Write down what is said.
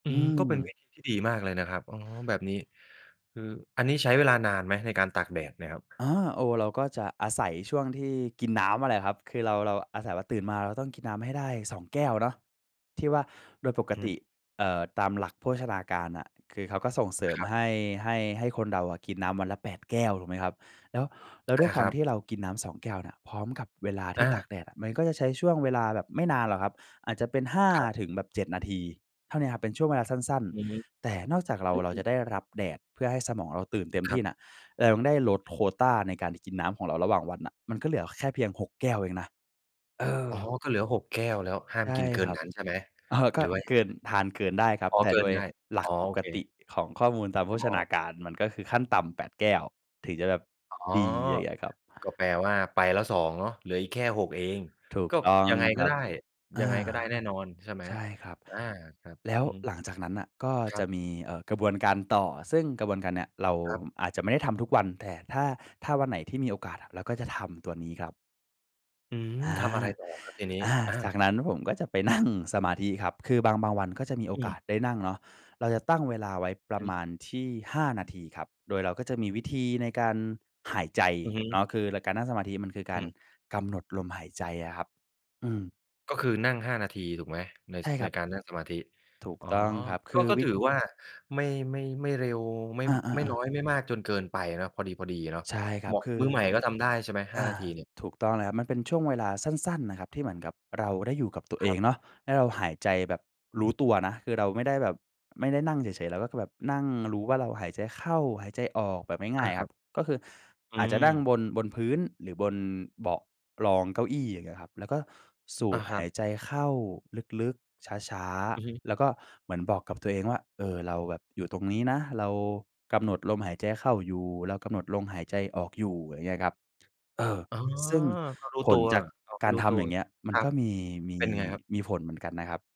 อือืม ก็เป็นวม ิธีที่ดีมากเลยนะครับ อ๋อ แบบนี้ คืออันนี้ใช้เวลานานไหมในการตากแดดเนี่ยครับ? อา โอ้ เราก็จะอาศัยช่วงที่กินน้ำนั่นแหละครับ คือเรา เราอาศัยว่า ตื่นมาเราต้องกินน้ำให้ได้ 2 แก้วเนาะ ที่ว่าโดยปกอืตม ิ เอ่อ ตามหลักโภชนาการน่ะ คือเขาก็ส่งเสริมครับ ให้ ให้ ให้คนเราอะ กินน้ำวันละ 8 แก้ว ถูกไหมครับ แล้ว แล้วอด้า วยควคารัมบ ที่เรากินน้ำ 2 แก้วเนี่ย พร้อมกับเวลาทอี่ตา ากแดดอะ มันก็จะใช้ช่วงเวลาแบบไม่นานหรอกครับ อาจจะเป็น 5 ครับ ถึงแบบ 7 นาที เท่าเนี้ยครับ เป็นช่วงเวลาสั้น อืม ๆ แต่นอกจากเรา อืเราจะอ ได้รับแดด เพื่อให้สมองเราตื่นเต็มคทรีั่บ น่ะ เรายังได้ลดโควตาในการกินน้ำของเราระหว่างวันน่ะ มันก็เหลือแค่เพียง 6 แก้วเองนะ เออ อ๋อ ก็เหลือ 6 แก้วแล้ว ห้าใมช่กินเกิครนับ นั้นใช่ไหม? เออ กห็รือว่ายเักงิไงน ทานเกินได้ครัคบ? รับ อ๋อ แต่เกิโดนยได้ หลัอ๋อ กปโอกเติค ของข้อมูลตามโภอ ชอ้นาอ การ มันก็คือขั้นต่ำ 8 แก้ว ถึงจะแบบอ๋อ ดี อย่างเงี้ยครับ ก็แปลว่าไปแล้ว 2 เนาะ เหลืออีกแค่ 6 เอง ถูกก็ต้องยังไงคกร็ัไบ ด้ อยัา งไงก็ได้แน่นอนใช่ไหม? ใช่ครับ อา ครับ แล้วอือฮึ หลังจากนั้นน่ะ ก็ครัจะบ มี เอ่อ กระบวนการต่อ ซึ่งกระบวนการเนี้ย เราครับ อาจจะไม่ได้ทำทุกวัน แต่ถ้า ถ้าวันไหนที่มีโอกาสน่ะ เราก็จะทำตัวนี้ครับ อืม อา ทำอะไรต่อครับทีนี้? อา อา จากนั้นผมก็จะไปนั่งสมาธิครับ คือบาง บางวันก็จะมีโออกืม าสได้นั่งเนาะ เราจะตั้งเวลาไว้ประมหือ าณที่ 5 นาทีครับ โดยเราก็จะมีวิธีในการหายใจอือฮึ เนาะ คือในการนั่งสมาธิมันคือกอาืรม กำหนดลมหายใจอะครับ อืม ก็คือนั่ง 5 นาทีถูกไหม? ใน ใชส ่คใรนับ การนั่งสมาธิ ถูกอ๋อ ต้องครับ คก็ ือก็วิถด ือว่าไม่ ไม่ ไม่เร็ว ไม่ อไม่า น้อๆ ๆ ยไม่มากจนเกินไปเนาะ พอดี ๆ เนาะ ใช่ครเหัมบ าะ คือ มือใหม่ก็ทำได้ใช่ไหม ห้อา า นาทีเนี่ย? ถูกต้องแล้วครับ มันเป็นช่วงเวลาสั้น ๆ น่ะครับ ที่เหมือนกับเราได้อยู่กับตัวคเอรังบ เนาะ แล้วเราหายใจแบบรู้ตัวนะ คือเราไม่ได้แบบ ไม่ได้นั่งเฉย ๆ เราก็คือแบบนั่งรู้ว่าเราหายใจเข้า หายใจออกแบบงอ่า าย ๆ คครรัับ บ ก็คืออือาจจะนั่งม บน บนพื้น หรือบนเบาะรองเก้าอี้ อย่างเงี้ยครับ แล้วก็สูอา ดครหัาบ ยใจเข้าลึก ๆ ช้า อือฮึ ๆ แล้วก็เหมือนบอกกับตัวเองว่า เออ เราแบบอยู่ตรงนี้นะ เรากำหนดลมหายใจเข้าอยู่ เรากำหนดลมหายใจออกอยู่ อย่างเงี้ยครับ เออ อ๋อ ซึ่งก็รู้ผตัลว จากอ้อ ไมก่ารรู้ทตัำว อย่างเงี้ย มัคนรักบ ็มี มี เป็นไงครับ? มีผลเหมือนกันนะครับ